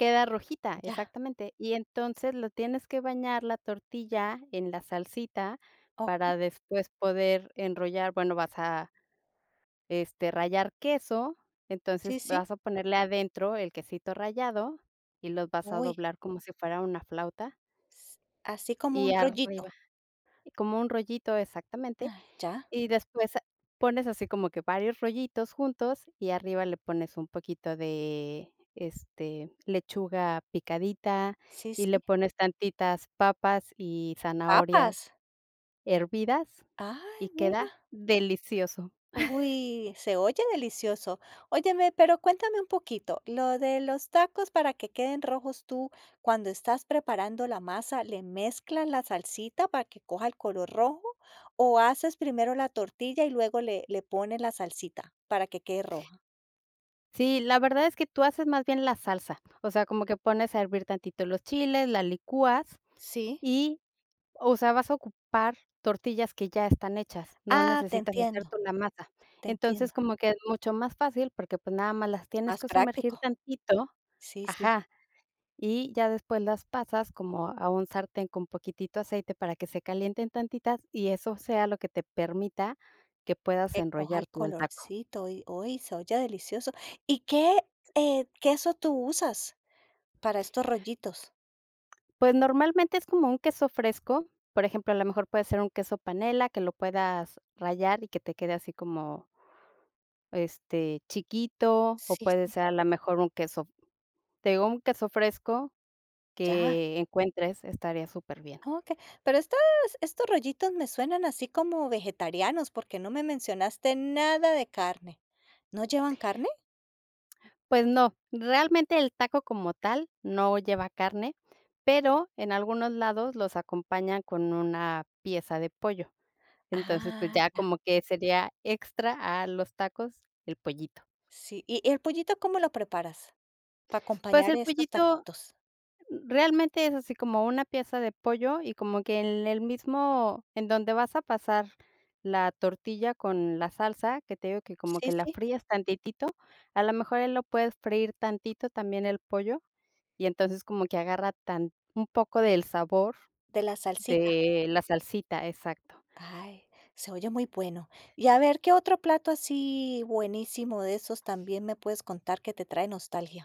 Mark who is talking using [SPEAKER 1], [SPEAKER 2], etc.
[SPEAKER 1] Queda rojita,
[SPEAKER 2] Ya.
[SPEAKER 1] exactamente. Y entonces lo tienes que bañar la tortilla en la salsita
[SPEAKER 2] Okey.
[SPEAKER 1] para después poder enrollar, bueno, vas a, este, rallar queso, entonces
[SPEAKER 2] Sí, sí.
[SPEAKER 1] vas a ponerle adentro el quesito rallado y los vas a
[SPEAKER 2] Uy.
[SPEAKER 1] doblar como si fuera una flauta.
[SPEAKER 2] S así, como
[SPEAKER 1] Y
[SPEAKER 2] un
[SPEAKER 1] arriba
[SPEAKER 2] rollito.
[SPEAKER 1] Como un rollito exactamente.
[SPEAKER 2] Ay, ya.
[SPEAKER 1] Y después pones así como que varios rollitos juntos y arriba le pones un poquito de, este, lechuga picadita
[SPEAKER 2] Sí,
[SPEAKER 1] y le
[SPEAKER 2] sí.
[SPEAKER 1] pones tantitas papas y zanahorias
[SPEAKER 2] ¿Papas?
[SPEAKER 1] hervidas y
[SPEAKER 2] Ay,
[SPEAKER 1] queda
[SPEAKER 2] mira.
[SPEAKER 1] delicioso.
[SPEAKER 2] Uy. Se oye delicioso. Óyeme, pero cuéntame un poquito, lo de los tacos para que queden rojos, tú, cuando estás preparando la masa, ¿le mezclas la salsita para que coja el color rojo?, o, ¿haces primero la tortilla y luego le le pones la salsita, para que quede roja?
[SPEAKER 1] Sí, la verdad es que tú haces más bien la salsa, o sea, como que pones a hervir tantito los chiles, la licuas
[SPEAKER 2] Sí.
[SPEAKER 1] y, o sea, vas a ocupar tortillas que ya están hechas, no
[SPEAKER 2] Ah, te
[SPEAKER 1] necesitas hacerte
[SPEAKER 2] entiendo,
[SPEAKER 1] una masa.
[SPEAKER 2] te
[SPEAKER 1] Entonces,
[SPEAKER 2] entiendo.
[SPEAKER 1] como que es mucho más fácil, porque, pues, nada más las tienes
[SPEAKER 2] Más
[SPEAKER 1] que sumergir
[SPEAKER 2] práctico.
[SPEAKER 1] tantito
[SPEAKER 2] Sí, sí.
[SPEAKER 1] Ajá, y ya después las pasas como a un sartén con poquitito aceite para que se calienten tantitas y eso sea lo que te permita que puedas
[SPEAKER 2] Que coja
[SPEAKER 1] enrollar
[SPEAKER 2] el
[SPEAKER 1] tú el taco.
[SPEAKER 2] colorcito, uy uy, se oye delicioso. ¿Y qué, eh, queso tú usas para estos rollitos?
[SPEAKER 1] Pues normalmente es como un queso fresco, por ejemplo, a lo mejor puede ser un queso panela que lo puedas rallar y que te quede así como este, chiquito o
[SPEAKER 2] Sí,
[SPEAKER 1] puede
[SPEAKER 2] sí.
[SPEAKER 1] ser a la mejor un queso, te digo un queso fresco
[SPEAKER 2] Ya.
[SPEAKER 1] que encuentres, estaría súper bien.
[SPEAKER 2] Okey, pero estos estos rollitos me suenan así como vegetarianos, porque no me mencionaste nada de carne. ¿No llevan carne?
[SPEAKER 1] Pues no, realmente el taco como tal no lleva carne, pero en algunos lados los acompañan con una pieza de pollo. Entonces, pues
[SPEAKER 2] Ah.
[SPEAKER 1] ya
[SPEAKER 2] Ya.
[SPEAKER 1] como que sería extra a los tacos, el pollito.
[SPEAKER 2] Sí. ¿Y y el pollito cómo lo preparas, para
[SPEAKER 1] Pues
[SPEAKER 2] acompañar
[SPEAKER 1] el
[SPEAKER 2] estos
[SPEAKER 1] pollito
[SPEAKER 2] taquitos?
[SPEAKER 1] realmente es así como una pieza de pollo y como que en el mismo en donde vas a pasar la tortilla con la salsa, que te digo que como que
[SPEAKER 2] Sí,
[SPEAKER 1] la
[SPEAKER 2] sí.
[SPEAKER 1] fríes tantitito, a lo mejor, eh, lo puedes freír tantito también el pollo y entonces como que agarra tan un poco del sabor
[SPEAKER 2] De la salsita.
[SPEAKER 1] de la salsita, exacto.
[SPEAKER 2] Ay, se oye muy bueno. Y a ver, ¿qué otro plato así buenísimo de esos también me puedes contar que te trae nostalgia?